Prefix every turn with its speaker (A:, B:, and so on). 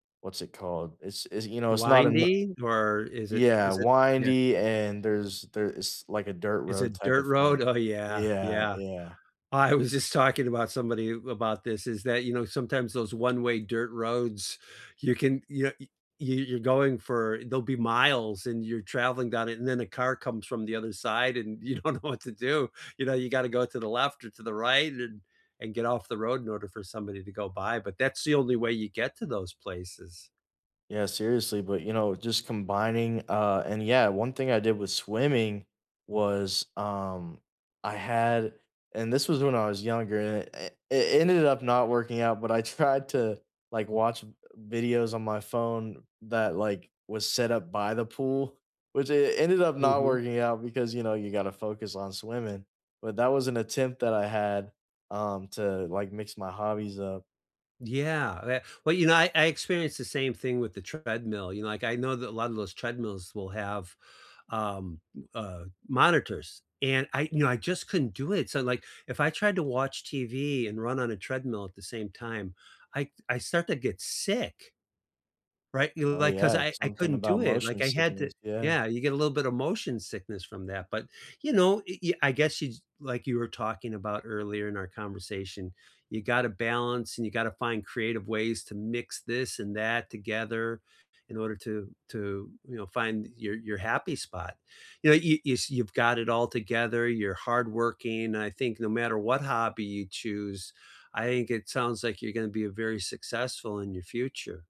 A: What's it called? It's it's, you know, it's not eno
B: Winding, or is it
A: Yeah,
B: is it Yeah.
A: windy, and there's there is like a dirt
B: Is
A: road
B: it
A: type
B: dirt
A: of thing.
B: road? Oh, yeah,
A: Yeah,
B: yeah.
A: yeah.
B: I was just talking about somebody about this is that, you know, sometimes those one-way dirt roads, you can, you know y you're going for there'll be miles, and you're traveling down it, and then a car comes from the other side, and you don't know what to do. You know, you've got to go to the left or to the right and then and get off the road in order for somebody to go by, but that's the only way you get to those places.
A: Yeah, seriously, but, you know, just combining, uh And yeah, one thing I did with swimming was, um I had and this was when I was younger, a i it ended up not working out, but I tried to, like, watch, uh, videos on my phone that, like, was set up by the pool, which it it ended up not
B: Mhm.
A: working out because, you know, you gotta focus on swimming, but that was an attempt that I had, um, to, like, mix my hobbies up.
B: Yeah, that Well, you know, I I experienced the same thing with the treadmill, you know, like, I know that a lot of those treadmills will have, um, m uh, monitors, and I you know, I just couldn't do it, so, like, if I tried to watch TV and run on a treadmill at the same time, I I start to get sick. Right? You
A: Oh,
B: Like, 'cause
A: yeah,
B: I
A: it's
B: I
A: something
B: couldn't do
A: about
B: it,
A: motion
B: like, I had to
A: sickness. Yeah.
B: Yeah, you get a little bit of motion sickness from that, but, you know, i i I guess yuou jus Like you were talking about earlier in our conversation, you gotta balance, and you gotta find creative ways to mix this and that together in order to to, you know, find your your happy spot. You know, you you s you've got it all together, you're hardworking, I think no matter what hobby you choose, I think it sounds like you're gonna be very successful in your future.